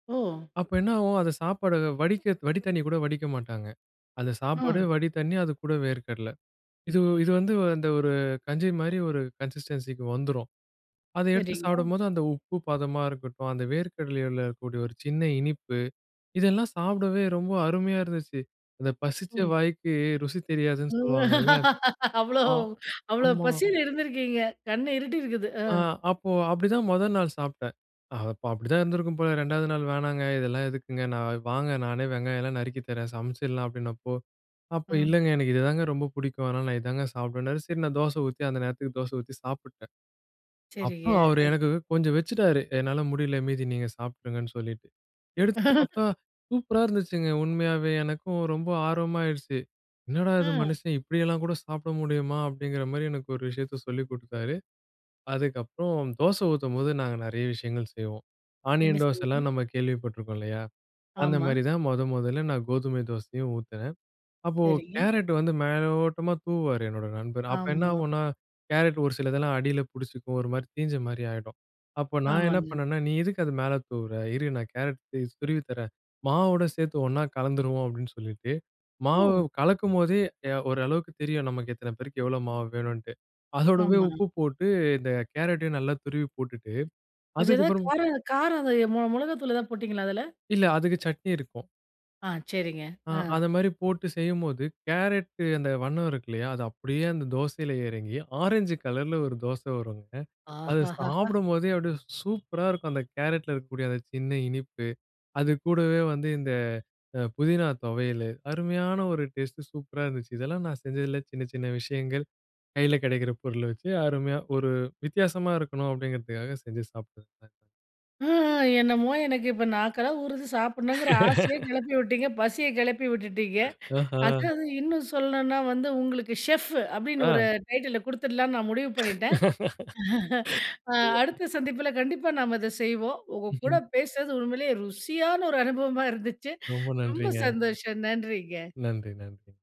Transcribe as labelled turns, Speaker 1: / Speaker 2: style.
Speaker 1: ஓ!
Speaker 2: அப்ப என்ன ஆவும் அந்த சாப்பாடு வடிக்க, வடி தண்ணி கூட வடிக்க மாட்டாங்க. அத சாப்பாடே,
Speaker 1: அ.
Speaker 2: வடி தண்ணி, அதுக்கூட வேர்க்கடலை. இது, இது வந்து அந்த ஒரு கஞ்சி மாரி ஒரு கன்சிஸ்டன்சிக்கு வந்துரும். அதை எடுத்து
Speaker 1: சரிங்க.
Speaker 2: சாப்பிடும்போது, அந்த உப்பு பதமா இருக்கட்டும், அந்த வேர்க்கடலையில இருக்கக்கூடிய ஒரு சின்ன இனிப்பு, இதெல்லாம் சாப்டவே ரொம்ப அருமையா இருந்துச்சு. அந்த பசிச்ச
Speaker 1: ஒ.
Speaker 2: வாய்க்கு ருசி தெரியாதுன்னு சொல்லுவாங்கல்ல.
Speaker 1: அவ்ளோ,
Speaker 2: ஆ ஆமா.
Speaker 1: அவ்ளோபசில இருந்துருக்கீங்க. கண்ண இருட்டி இருக்குது. ஆ.
Speaker 2: ஆ. அப்போ அப்டிதான் மொத நாள் சாப்ட்டேன். அது அப்ப அப்படிதான் இருந்திருக்கும் போல, 2 நாள் வேணாங்க. இதெல்லாம் எதுக்குங்க? நான், வாங்க நானே வெங்காயம் எல்லாம் நறுக்கித் தரேன், சமைச்சிடலாம் அப்டின்னப்போ, அப்போ
Speaker 1: ம்.
Speaker 2: இல்லைங்க. எனக்கு இதுதாங்க ரொம்ப புடிக்கும் அதனால நான் இதாங்க சாப்பிடுவேன்னாரு, சரி நான் தோசை ஊத்தி, அந்த நேரத்துக்கு தோசை ஊத்தி சாப்பிட்டேன்.
Speaker 1: சரிங்க.
Speaker 2: அப்புறம் அவரு
Speaker 1: அது
Speaker 2: எனக்கு கொஞ்சம் வச்சுட்டாரு. என்னால முடில. மீதி நீங்க சாப்ட்ருங்கன்னு சொல்லிட்டு. எடுத்து சாப்ட்டா, சூப்பரா இருந்துச்சுங்க. உண்மையாவே! எனக்கும் ரொம்ப ஆர்வமாயிருச்சு. "என்னடா இது
Speaker 1: அ.
Speaker 2: மனுஷன்! இப்படியெல்லாம் கூட சாப்பிட முடியுமா?"அப்டிங்கிற மாரி எனக்கு ஒரு விஷயத்த சொல்லிக் குடுத்தாரு. அதுக்கப்புறம், தோசை ஊத்தும்போது நாங்க நெறைய விஷயங்கள் செய்வோம்.
Speaker 1: என்ன
Speaker 2: ஆனியன் தோசைலாம்
Speaker 1: செய்யணும்?
Speaker 2: நம்ம கேள்விப்பட்ருக்கோம் இல்லையா. அந்த
Speaker 1: ஆமா.
Speaker 2: மாரி தான் மொத மொதல்ல நான் கோதுமை தோசையும், ஊத்துனேன். அப்போ,
Speaker 1: சரிங்க.
Speaker 2: கேரட் வந்து மேலோட்டமா தூவுவாரு என்னோட நண்பர். அப்ப
Speaker 1: ஆமா.
Speaker 2: என்னாவும்ன்னா, கேரட் ஒரு சிலதெல்லாம் அடியில பிடிச்சிக்கும். ஒரு மாரி தீஞ்ச மாரி ஆயிடும். அப்போ நான் என்ன
Speaker 1: ஆமாங்க.
Speaker 2: பண்ணேன்னா நீ எதுக்கு அதை மேல தூவுற? இரு நான் கேரட் துருவித் தரேன், மாவோட சேத்து ஒண்ணா கலந்துருவோம் அப்டின்னு சொல்லிட்டு, மாவு
Speaker 1: ஒ.
Speaker 2: கலக்கும்போதே, ய ஓரளவுக்கு தெரியும் நமக்கு. எத்தன பேருக்கு, எவ்வளோ மாவு வேணுன்ட்டு! அதோடவே
Speaker 1: ஆமா.
Speaker 2: உப்பு போட்டு, இந்த கேரட்டையும் நல்லா துருவி போட்டுட்டு,
Speaker 1: கொஞ்சம் ஏதாவது
Speaker 2: அதுக்கப்புறம்
Speaker 1: கார, காரம் எத மொ மொளகாத்தூள் எதாவது போட்டீங்களா அதில?
Speaker 2: இல்ல, அதுக்கு சட்னி இருக்கும்.
Speaker 1: ஆ சரிங்க.
Speaker 2: ஆ.
Speaker 1: ஆ.
Speaker 2: அத மாரி போட்டு செய்யும்போது, கேரட்டு அந்த வண்ணம் இருக்கு இல்லையா? அது அப்டியே அந்த தோசையில எறங்கி, ஆரஞ்சு கலரில ஒரு தோசை வரும்ங்க.
Speaker 1: ஆஹ
Speaker 2: அதை
Speaker 1: ஹ ஹா!
Speaker 2: சாப்பிடும்போதே, அப்படியே சூப்பரா இருக்கும் அந்த கேரட்ல இருக்கக்கூடிய அந்த சின்ன இனிப்பு, அது கூடவே வந்து இந்த அ புதினா தொவையலு, அருமையான ஒரு டேஸ்டு, சூப்பரா இருந்துச்சு. இதெல்லாம் நான் செஞ்சதில சின்ன, சின்ன விஷயங்கள். கையில கிடைக்கிற பொருள வச்சு, அருமையா, ஒரு வித்தியாசமா இருக்கணும் அப்படிங்கிறதுக்காக செஞ்சு சாப்பிட்டேன்.
Speaker 1: ம். ஆ. என்னமோ எனக்கு இப்போ நாக்கெல்லாம் ஊறுது சாப்பிடணுங்கிற ஆசையே கெளப்பி விட்டீங்க. பசிய கிளப்பி விட்டுட்டீங்க.
Speaker 2: ஆஹம்.
Speaker 1: அதாவது இன்னும் சொல்லணுன்னா வந்து, உங்களுக்கு "ஷெஃப்ஃபு" அப்டின்னு
Speaker 2: ஆ.
Speaker 1: ஒரு டைட்டிலில கொடுத்துடலாம்ன்னு நான் முடிவு பண்ணிட்டேன். அ அடுத்த சந்திப்புல கண்டிப்பா நாம இதை செய்வோம். உங்க கூட
Speaker 2: ம்ஹம்.
Speaker 1: பேசுறது, உண்மையிலே ருசியான ஒரு அனுபவமா இருந்துச்சு.
Speaker 2: ரொம்ப
Speaker 1: ரொம்ப
Speaker 2: நன்றிங்க.
Speaker 1: சந்தோஷம் நன்றிங்க.
Speaker 2: நன்றி, நன்றி.